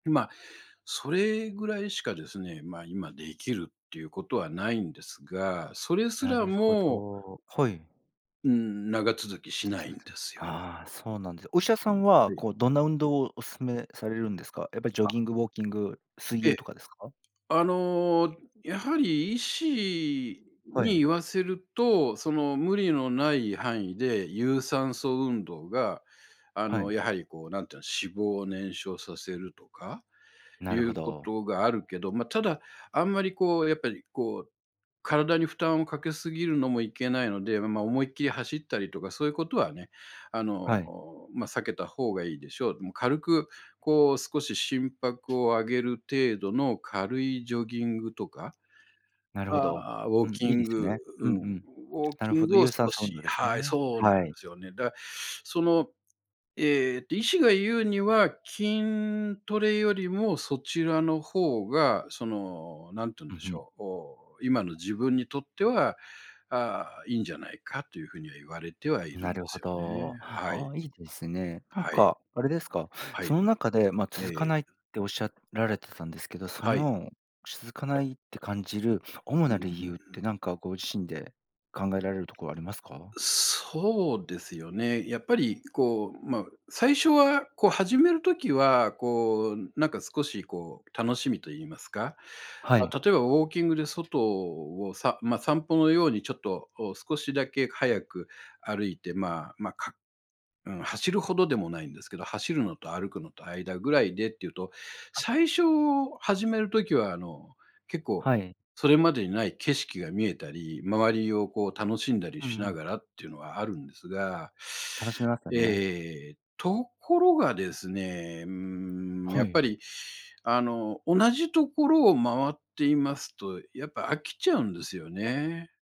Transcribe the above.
んま、それぐらいしかですね、まあ、今できるっていうことはないんですが、それすならるほもど、はい。うーん、長続きしないんで [unintelligible] すよ。ああ、そうなんです。お医者さんは、べい。こう、どんな運動をおすすめされるんですか？やっぱりジョギあ。ング、ウォーキング、水え泳え。とかですか？あの、やはり医師はにい。言わせると、その、無理のない範囲で、有酸素運動が、あはの、い。やはりこう何て言うの、脂肪を燃焼させるとか、ないるほうこど。とがあるけど、まあ、ただあんまりこう、やっぱりこう、体に負担をかけすぎるのもいけないので、ま、思いっきり走ったりとか、そういうことはね、あの、はい。お、まあ、避けた方がいいでしょう、もう軽くこう、少し心拍を上げる程度の軽いジョギングとか。なるほど。ああ、ウォーうん、キいいンですグ、ね。ううんん、うウん。ォーなるキンほど、グを有少酸素し運動ですはい、ね。そうなんではい。すよね。だかその、えっと、医師が言うには、筋トレよりもそちらの方が、その、何てとんう、でふしん。ょう、こう、今の自分にとっては、ああ、いいんじゃないか、というふうには言われてはいるなんでるほすよね、ど。あはい。あ、いいですね。なんはい。かあれですか、はそい。の中でまあ、え続かえ。ないっておっしゃられてたんですけど、そはい。の、しずかないって感じる主うん、なう理由っーて、ん。なんかご自身で考えられるとこありますか？そうですよね、やっぱりこう、まあ、最初はこう始める時は、こう、なんか少しこう、楽しみと言いますか、はまい。あ、例えばウォーキングで外を、さまあ、散歩のようにちょっとを少しだけ早く歩いて、まあ、ま、かうん、走るほどでもないんですけど、走るのと歩くのと間ぐらいでっていうと、あっ。最初始めるときは、あの、結構、はい。それまでにない景色が見えたり、周りをこう楽しんだりうしんうなん。がらっていうのはあるんですが、楽しめますよね。ええ、ところがですね、うーん、やはっぱい。りあの、同じところを回っていますと、やっぱ飽きちゃうんですよね。